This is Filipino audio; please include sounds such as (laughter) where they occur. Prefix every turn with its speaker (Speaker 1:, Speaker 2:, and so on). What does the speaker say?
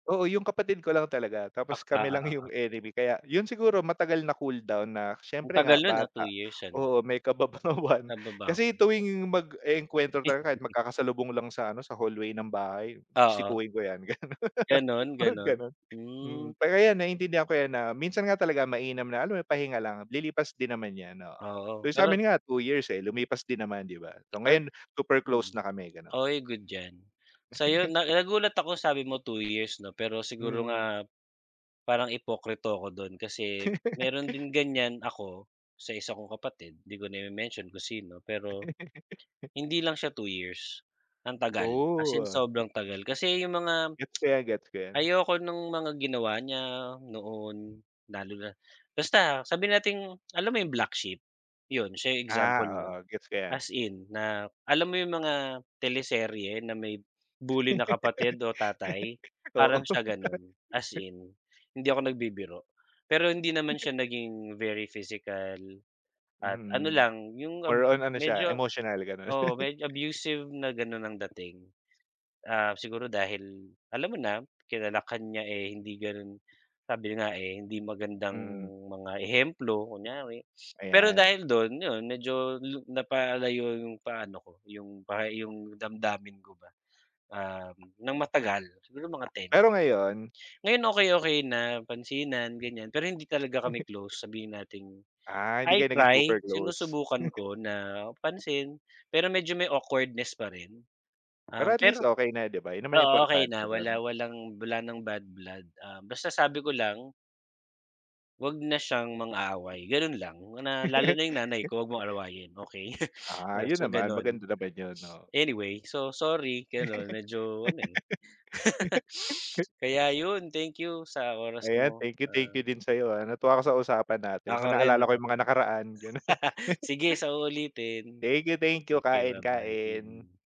Speaker 1: Oo 'yung kapatid ko lang talaga,
Speaker 2: Ak
Speaker 1: tapos kami
Speaker 2: oo,
Speaker 1: lang 'yung
Speaker 2: oo.
Speaker 1: enemy, kaya 'yun siguro matagal na cool down na
Speaker 2: Ang
Speaker 1: siyempre nga
Speaker 2: tagal no'n ah,
Speaker 1: bata.
Speaker 2: 2 years ano.
Speaker 1: Oo may kababawan kasi
Speaker 2: Kababawan.
Speaker 1: tuwing mag-e-engkwentro talaga kahit
Speaker 2: (laughs)
Speaker 1: magkakasalubong lang sa ano sa hallway ng bahay,
Speaker 2: Oo.
Speaker 1: sikuhin ko 'yan ganun,
Speaker 2: Ganun,
Speaker 1: (laughs) mga
Speaker 2: ganun?
Speaker 1: gano'n, mm.
Speaker 2: Hmm.
Speaker 1: Kaya 'yan naiintindihan ko 'yan na minsan nga talaga mainam na alam mo 'yung pahinga lang, lilipas din naman 'yan, oo.
Speaker 2: Oo,
Speaker 1: 'Yung
Speaker 2: pero
Speaker 1: sa'min nga 2 years, eh, lumipas din naman 'di ba, so
Speaker 2: Ayp
Speaker 1: ngayon super
Speaker 2: mm,
Speaker 1: close na kami gano'n.
Speaker 2: oy good 'yan. So 'yun
Speaker 1: (laughs)
Speaker 2: na nagulat ako sabi mo 2 years 'no pero siguro
Speaker 1: Mm.
Speaker 2: nga, parang ipokrito ako dun kasi meron
Speaker 1: (laughs)
Speaker 2: din ganiyan ako sa isa kong kapatid, 'di ko na ime-mention kung sino, pero,
Speaker 1: (laughs)
Speaker 2: hindi lang siya 2 years, ang tagal, as
Speaker 1: Oo,
Speaker 2: in
Speaker 1: ah.
Speaker 2: sobrang tagal. Kasi 'yung mga,
Speaker 1: Gets ko 'yan, gets ko 'yan.
Speaker 2: ayoko nung mga ginawa niya noon lalo na basta sabihin nating alam mo 'yung black sheep? 'Yun siya 'yung
Speaker 1: Ah
Speaker 2: example 'non,
Speaker 1: oo, gets ko 'yan.
Speaker 2: as in na, alam mo 'yung mga teleserye na may bully na kapatid o tatay,
Speaker 1: (laughs) Oo.
Speaker 2: parang siya gano'n, as in hindi ako nagbibiro. Pero hindi naman siya
Speaker 1: (laughs)
Speaker 2: naging very physical, at ano
Speaker 1: Mhm,
Speaker 2: lang 'yung ab
Speaker 1: more on ano siya,
Speaker 2: medyo
Speaker 1: emotional gano'n.
Speaker 2: oo
Speaker 1: (laughs)
Speaker 2: medyo abusive na gano'n ang dating. Ah, siguro dahil, alam mo na, kinalakhan niya eh hindi ganun sabi nga eh, hindi magandang
Speaker 1: Mm.
Speaker 2: mga ehemplo kunyari, pero
Speaker 1: Ayan.
Speaker 2: dahil dun 'yun medyo lu napalayo 'yong paano ko 'yung pa 'yung damdamin ko ba, um, nang matagal, siguro mga 10
Speaker 1: Pero
Speaker 2: years.
Speaker 1: ngayon
Speaker 2: Ngayon okey-okey na, pansinan ganiyan, pero hindi talaga kami
Speaker 1: (laughs)
Speaker 2: close, sabihin nating,
Speaker 1: Ah, hindi
Speaker 2: I
Speaker 1: kayo naging
Speaker 2: try,
Speaker 1: super close.
Speaker 2: sinusubukan
Speaker 1: (laughs)
Speaker 2: ko na pansin, pero medyo may awkwardness pa rin.
Speaker 1: Pero
Speaker 2: Um,
Speaker 1: at least
Speaker 2: pero
Speaker 1: okey na 'di ba, 'yun naman
Speaker 2: oo okey
Speaker 1: importante
Speaker 2: na, wala
Speaker 1: dun.
Speaker 2: walang bla wala ng bad blood, ah, basta sabi ko lang Huwag na siyang mang-away, ganun lang, na lalo na 'yung nanay
Speaker 1: (laughs)
Speaker 2: ko huwag mong awayin okey.
Speaker 1: Ah, 'yun
Speaker 2: So
Speaker 1: naman, maganda
Speaker 2: gano'n.
Speaker 1: naman 'yun oh.
Speaker 2: Anyway, so sorry gano'n medyo ano eh. (laughs)
Speaker 1: (laughs)
Speaker 2: Kaya 'yun, thank you sa oras
Speaker 1: Ayan,
Speaker 2: mo
Speaker 1: thank you ,thank you
Speaker 2: ah
Speaker 1: din sa'yo ah, natuwa ako sa usapan natin, mo
Speaker 2: Ako rin,
Speaker 1: naalala ko
Speaker 2: ako
Speaker 1: 'yung
Speaker 2: rin.
Speaker 1: mga nakaraan gano'n.
Speaker 2: (laughs)
Speaker 1: (laughs)
Speaker 2: Sige sa ulitin!
Speaker 1: Thank you, thank you!
Speaker 2: Sige
Speaker 1: Kain,
Speaker 2: ba-bye,
Speaker 1: kain.
Speaker 2: mm.